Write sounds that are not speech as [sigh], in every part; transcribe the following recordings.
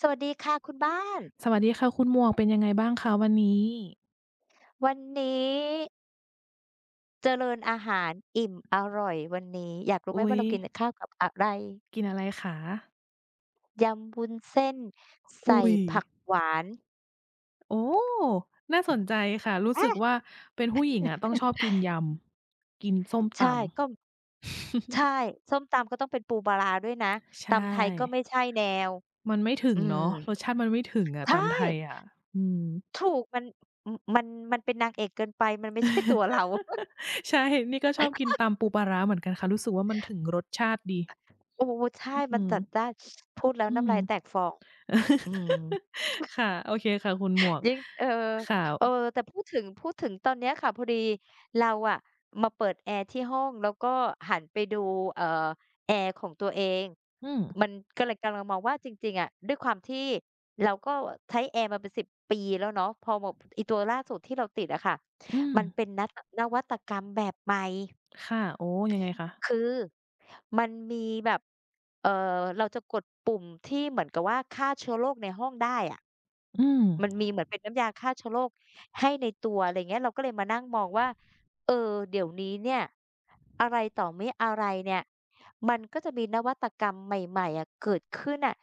สวัสดีค่ะคุณบ้าน สวัสดีค่ะคุณหมวก เป็นยังไงบ้างคะวันนี้? วันนี้ เจริญอาหาร อิ่มอร่อย วันนี้อยากรู้อไุหม๊ว่าย! เรากินข้าวกับอะไร? กินอะไรคะ? ยำวุ้นเส้น ใสอุ่๊ย ผักหวาน โอ้! น่าสนใจค่ะ รู้อสา ึกว่าเป็นผู้หญิงอะ ต้องชอบกิน[chuckles] ยำ กินส้มใชต่ ำ ก็ ใช[chuckles] ่ ส้มตำก็ต้องเป็นปูปลาร้าด้วยนะ ใชตำไทยก็่ ไม่ใช่แนว มันไม่ถึอืงเนม าะ รสชาติมันไม่ถึงอใะ ชต่ ำไทยอะ อืม ถูก มัน ม มัน มันเป็นนางเอกเกินไป มันไม่ ใช่ ตัวเรา [chuckles] [chuckles] ใช่ นี่ก็ชอบกิน[laughs] ตำปูปลาร้าเหมือนกันค่ะ รู้สึกว่ามันถึงรสชาติดี โอ้ ใช่ อ อมืันม จัดจ้าน [sniffs] พูดแล้วอืน้ำม ลายแตกฟอง อืม [chuckles] [chuckles] ค่ะ โอเคค่ะ คุณหมวก ยิ่ง เออ ค่เออ ะ แต่พูดถึง พูดถึงตอนนี้ค่ะ พอดีเราอะ มาเปิดแอร์ที่ห้อง แล้วก็หันไปดู เอ่อ แอร์ของตัวเอง อืม มันก็เลย กำลังมองว่าจริง ๆ อะ ด้วยความที่เราก็ใช้แอร์มาเป็น 10 ปีแล้วเนาะ พอแบบอีตัวล่าสุดที่เราติดอะค่ะ อืมันม เป็นนัต อ นวัตกรรมแบบใหม่ ค่ะ โอ้ ยังไงคะ? คือมันมีแบบ เอ่อ เราจะกดปุ่มที่เหมือนกับว่า ฆ่าเชื้อโรคในห้องได้อะ อืม มันมีเหมือนเป็นน้ำยาฆ่าเชื้อโรคให้ใน ตัว อะไรเงี้ย เราก็เลยมานั่งมองว่า เออ เดี๋ยวนี้เนี่ย อะไรต่อมิอะไรเนี่ย มันก็จะมีนวัตกรรมใหม่ ๆ อะเกิดขึ้นน่ะ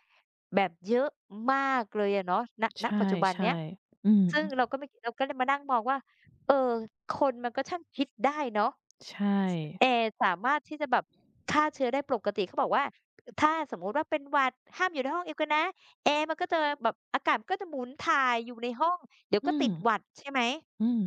แบบเยอะมากเลยอะเนาะ ณ ใชณ ปัจจุบันเน่ ี้ย ๆ อือซึ่ฮงึ เราก็ไม่ เราก็เลยมานั่งมองว่า เออ คนมันก็ช่างคิดได้เนาะ ใช่ แอร์สามารถที่จะแบบฆ่าเชื้อได้ ปกติเขาบอกว่า ถ้าสมมุติว่าเป็นหวัด ห้ามอยู่ในห้องเดียวกันนะ แอร์มันก็จะแววแบบ อากาศมันก็จะหมุนถ่ายอยู่ในห้อง เดี๋ยวอืก็ตม ิดหวัด ใช่ไหม? อืม